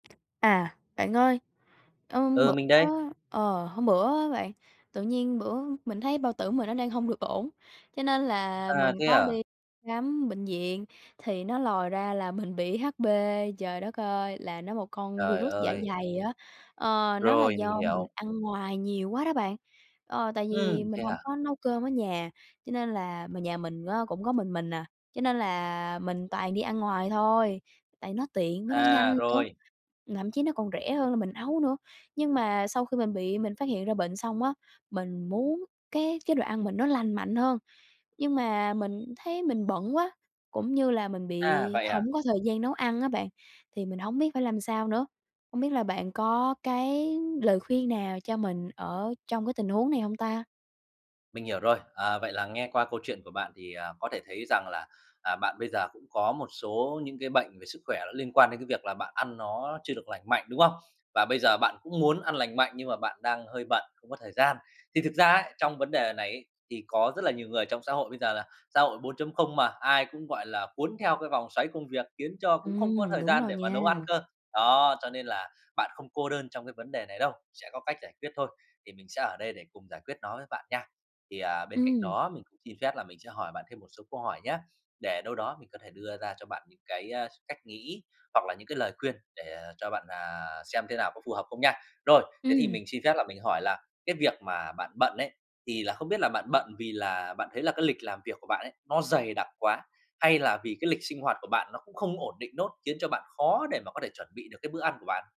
À, bạn ơi, ờm, Ừ, bữa mình đây. ờ, hôm bữa á bạn, tự nhiên bữa mình thấy bao tử mình nó đang hông được ổn. Cho nên là À, mình thế có à? đi khám bệnh viện thì nó lòi ra là mình bị HP. Trời đất ơi, là nó một con vi Trời rút dạ ơi! dày á, ờ, nó là Rồi, mình do mình hiểu. ăn ngoài nhiều quá đó bạn. Ờ, tại Ừm, vì mình thế hông à? có nấu cơm ở nhà, cho nên là mà nhà mình á, cũng có mình mình à, cho nên là mình toàn đi ăn ngoài thôi, tại nó tiện với nó nhanh À, nữa, rồi. thậm chí nó còn rẻ hơn là mình nấu nữa. Nhưng mà sau khi mình bị, mình phát hiện ra bệnh xong á, mình muốn cái chế độ ăn mình nó lành mạnh hơn. Nhưng mà mình thấy mình bận quá, cũng như là mình bị À, vậy à? hổng có thời gian nấu ăn á bạn, thì mình hổng biết phải làm sao nữa. Hông biết là bạn có cái lời khuyên nào cho mình ở trong cái tình huống này hông ta? Mình hiểu rồi. À, vậy là nghe qua câu chuyện của bạn thì, à, có thể thấy rằng là, à, bạn bây giờ cũng có một số những cái bệnh về sức khỏe nó liên quan đến cái việc là bạn ăn nó chưa được lành mạnh, đúng không? Và bây giờ bạn cũng muốn ăn lành mạnh nhưng mà bạn đang hơi bận, không có thời gian. Thì thực ra ấy, trong vấn đề này ấy, thì có rất là nhiều người trong xã hội bây giờ là xã hội 4.0 mà, ai cũng, gọi là, cuốn theo cái vòng xoáy công việc khiến cho cũng không có Ừm, thời đúng gian rồi để mà nha. nấu ăn cơ. Đó, cho nên là bạn không cô đơn trong cái vấn đề này đâu, sẽ có cách giải quyết thôi, thì mình sẽ ở đây để cùng giải quyết nó với bạn nha. Thì, à, bên cạnh Ừm. đó, mình cũng xin phép là mình sẽ hỏi bạn thêm một số câu hỏi nhá, để đâu đó mình có thể đưa ra cho bạn những cái, a, cách nghĩ hoặc là những cái lời khuyên để, à, cho bạn, à, xem thế nào có phù hợp không nha. Rồi, thế thì Ừm. mình xin phép là mình hỏi là cái việc mà bạn bận ấy, thì là không biết là bạn bận vì là bạn thấy là cái lịch làm việc của bạn ấy, nó dày đặc quá, hay là vì cái lịch sinh hoạt của bạn nó cũng không ổn định nốt, khiến cho bạn khó để mà có thể chuẩn bị được cái bữa ăn của bạn?